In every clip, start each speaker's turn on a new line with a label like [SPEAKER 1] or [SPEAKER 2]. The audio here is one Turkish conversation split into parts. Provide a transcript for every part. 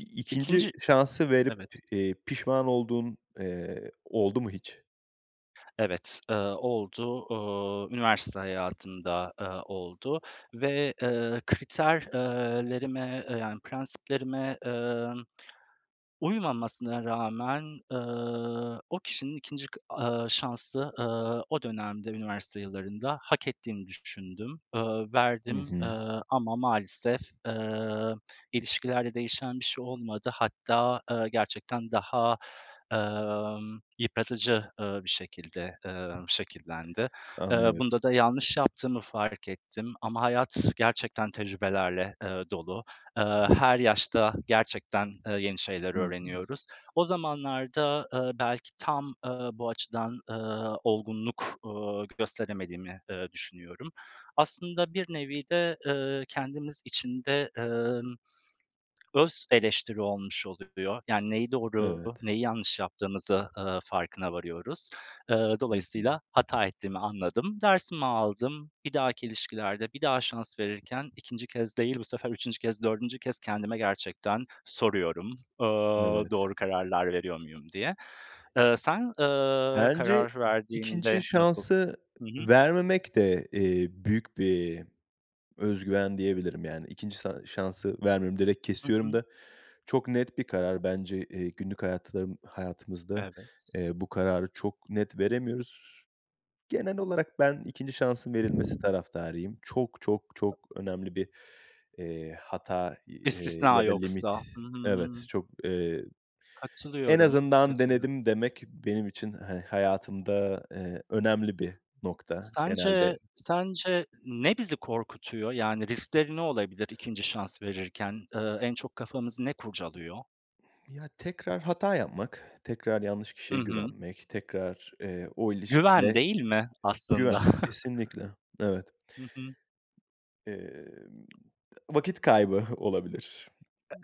[SPEAKER 1] 2'nci
[SPEAKER 2] 2'nci,
[SPEAKER 1] şansı verip,
[SPEAKER 2] evet.
[SPEAKER 1] eee, pişman, olduğun, ııı, oldu mu hiç?
[SPEAKER 2] Evet, ııı, oldu. Iıı, üniversite hayatımda, ııı, oldu ve, ııı, kriter, ııı, lerime, ııı, yani prensiplerime, ımm, uymamasına rağmen, ııı, o kişinin 2'nci kı, ııı, şansı, ııı, o dönemde, üniversite yillarında, hak ettiğini düşündüm, ııı,
[SPEAKER 1] Hı
[SPEAKER 2] verdim,
[SPEAKER 1] hı.
[SPEAKER 2] ııı, ama maalesef, ııı, ilişkilerde değişen bir şey olmadı. Hatta, ııı, gerçekten daha, ımm, yıpratıcı, ııı, bir şekilde, ııı, şekillendi. Iıı,
[SPEAKER 1] Anlıyorum.
[SPEAKER 2] bunda da yanlış yaptığımı fark ettim ama hayat gerçekten tecrübelerle, ııı, dolu. Iıı, her yaşta gerçekten, ııı, yeni şeyler
[SPEAKER 1] Hı hı.
[SPEAKER 2] öğreniyoruz. O zamanlarda, ııı, belki tam, ııı, bu açıdan, ııı, olgunluk, ııı, gösteremediğimi, ııı, düşünüyorum. Aslında bir nevi de, ııı, kendimiz için de, ımm, öz eleştiri olmuş oluyor, yani neyi doğru,
[SPEAKER 1] Evet.
[SPEAKER 2] neyi yanlış yaptığımızı, ııı, farkına varıyoruz. Iıı,
[SPEAKER 1] Hı hı.
[SPEAKER 2] dolayısıyla hata ettiğimi anladım. Dersimi aldım, bir dahaki ilişkilerde bir daha şans verirken 2'nci kez değil, bu sefer 3'üncü kez, 4'üncü kez, kendime gerçekten soruyorum, ııı,
[SPEAKER 1] Evet.
[SPEAKER 2] doğru kararlar veriyor muyum diye. Iıı, sen, ııı,
[SPEAKER 1] Bence
[SPEAKER 2] karar
[SPEAKER 1] 2'nci
[SPEAKER 2] verdiğinde nasıl?
[SPEAKER 1] şansı
[SPEAKER 2] Hı hı.
[SPEAKER 1] vermemek de, eee, büyük bir özgüven diyebilirim yani, 2'nci san şansı vermiyorum, direkt
[SPEAKER 2] Hı
[SPEAKER 1] kesiyorum
[SPEAKER 2] hı.
[SPEAKER 1] da. Çok net bir karar bence, eee, günlük hayatlarım hayatımızda,
[SPEAKER 2] Evet.
[SPEAKER 1] ııı, bu kararı çok net veremiyoruz. Genel olarak ben 2'nci şansın verilmesi taraftarıyım. Çok, çok,
[SPEAKER 2] [unintelligible]
[SPEAKER 1] çok önemli bir, ııı, hata, ııı,
[SPEAKER 2] İstisna
[SPEAKER 1] ya da limit
[SPEAKER 2] yoksa. Hı
[SPEAKER 1] evet,
[SPEAKER 2] hı.
[SPEAKER 1] çok, ııı, en
[SPEAKER 2] Katılıyorum,
[SPEAKER 1] azından
[SPEAKER 2] katılıyorum.
[SPEAKER 1] denedim demek, benim için, hani, hayatımda, ııı, önemli bir nokta
[SPEAKER 2] Sence,
[SPEAKER 1] genelde
[SPEAKER 2] sence ne bizi korkutuyor? Yani, riskleri ne olabilir 2'nci şans verirken? Iıı, en çok kafamızı ne kurcalıyor?
[SPEAKER 1] Ya, tekrar hata yapmak, tekrar yanlış
[SPEAKER 2] I
[SPEAKER 1] kişiye
[SPEAKER 2] hı.
[SPEAKER 1] güvenmek, tekrar, ııı, o
[SPEAKER 2] Güven
[SPEAKER 1] ilişkide
[SPEAKER 2] değil mi, aslında?
[SPEAKER 1] güven, kesinlikle, evet.
[SPEAKER 2] Hı hı.
[SPEAKER 1] Emm, vakit kaybı olabilir.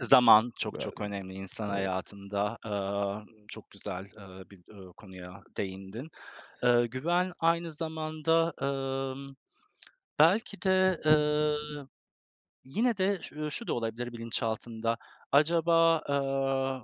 [SPEAKER 2] E ,zaman çok çok
[SPEAKER 1] Bazen,
[SPEAKER 2] önemli insan
[SPEAKER 1] evet.
[SPEAKER 2] hayatında. Iıı, çok güzel, ııı, bir, ııı, konuya değindin. Iıı, güven aynı zamanda, ımm, belki de, ııı, yine de ş ııı, şu da olabilir bilinçaltında, acaba ııı